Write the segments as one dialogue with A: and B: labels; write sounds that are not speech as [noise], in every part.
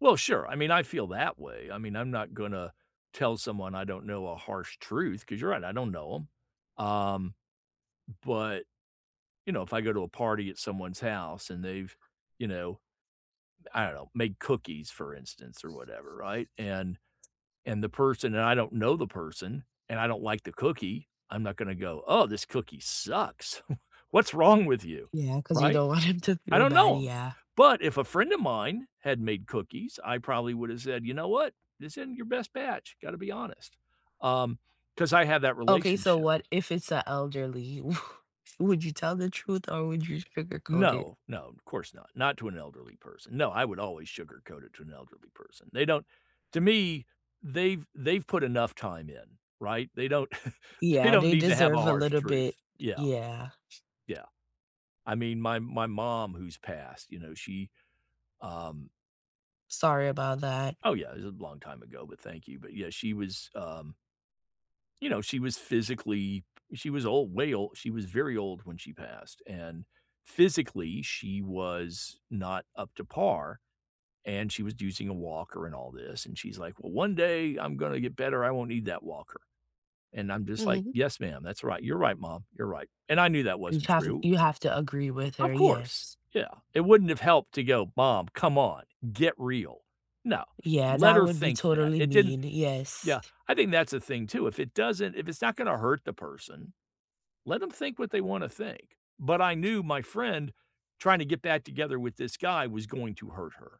A: Well, sure, I mean, I feel that way, I mean, I'm not gonna tell someone I don't know a harsh truth, 'cause you're right, I don't know 'em. Um, but you know, if I go to a party at someone's house and they've, you know, I don't know, make cookies, for instance, or whatever, right, and and the person and I don't know the person, and I don't like the cookie, I'm not gonna go, "Oh, this cookie sucks, [chuckles] what's wrong with you,"
B: Yeah, 'cause you
A: right?
B: don't want him to
A: I
B: feel
A: don't
B: bad,
A: know 'em,
B: yeah.
A: but if a friend of mine had made cookies, I probably would have said, "You know what, this isn't your best batch, gotta be honest", um, 'cause I have that
B: Okay, so
A: relationship.
B: what if it's a elderly, wo would you tell the truth or would you sugarcoat it?
A: No, no, of course not, not to an elderly person, no, I would always sugarcoat it to an elderly person. They don't to me, they've they've put enough time in, right, [chuckles] they don't, they
B: Yeah,
A: don't
B: they
A: need to have a
B: deserve a
A: harsh
B: little bit,
A: truth, yeah.
B: y yeah.
A: Yeah I mean, my my mom who's passed, you know, she, um
B: Sorry about that.
A: Oh yeah, it's a long time ago, but thank you, but yeah, she was um you know, she was physically She was old, way old, she was very old when she passed, and physically she was not up to par, and she was using a walker and all this, and she's like, "Well, one day I'm gonna get better, I won't need that walker." And I'm just like,
B: Mhm.
A: "Yes, ma'am, that's right, you're right, mom, you're right." And I knew that
B: You
A: wasn't
B: have
A: true.
B: you have to agree with
A: Of
B: her,
A: course,
B: yes.
A: yeah, it wouldn't have helped to go, "Mom, come on, get real." No,
B: Yeah,
A: let
B: that
A: her
B: would be
A: think that,
B: totally
A: it didn't
B: mean, yes.
A: Yeah, I think that's the thing too, if it doesn't if it's not gonna hurt the person let 'em think what they wanna think, but I knew my friend trying to get back together with this guy was going to hurt her.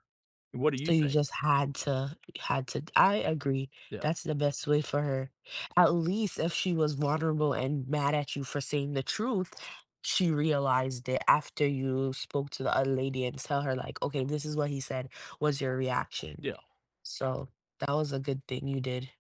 A: What do
B: S
A: you
B: so you
A: think?
B: just had to, uh, had to I agree,
A: Yeah.
B: that's the best way for her. At least if she was vulnerable and mad at you for saying the truth, she realized it after you spoke to the other lady and tell her like, "Okay, this is what he said. What's your reaction?"
A: Yeah.
B: So that was a good thing you did.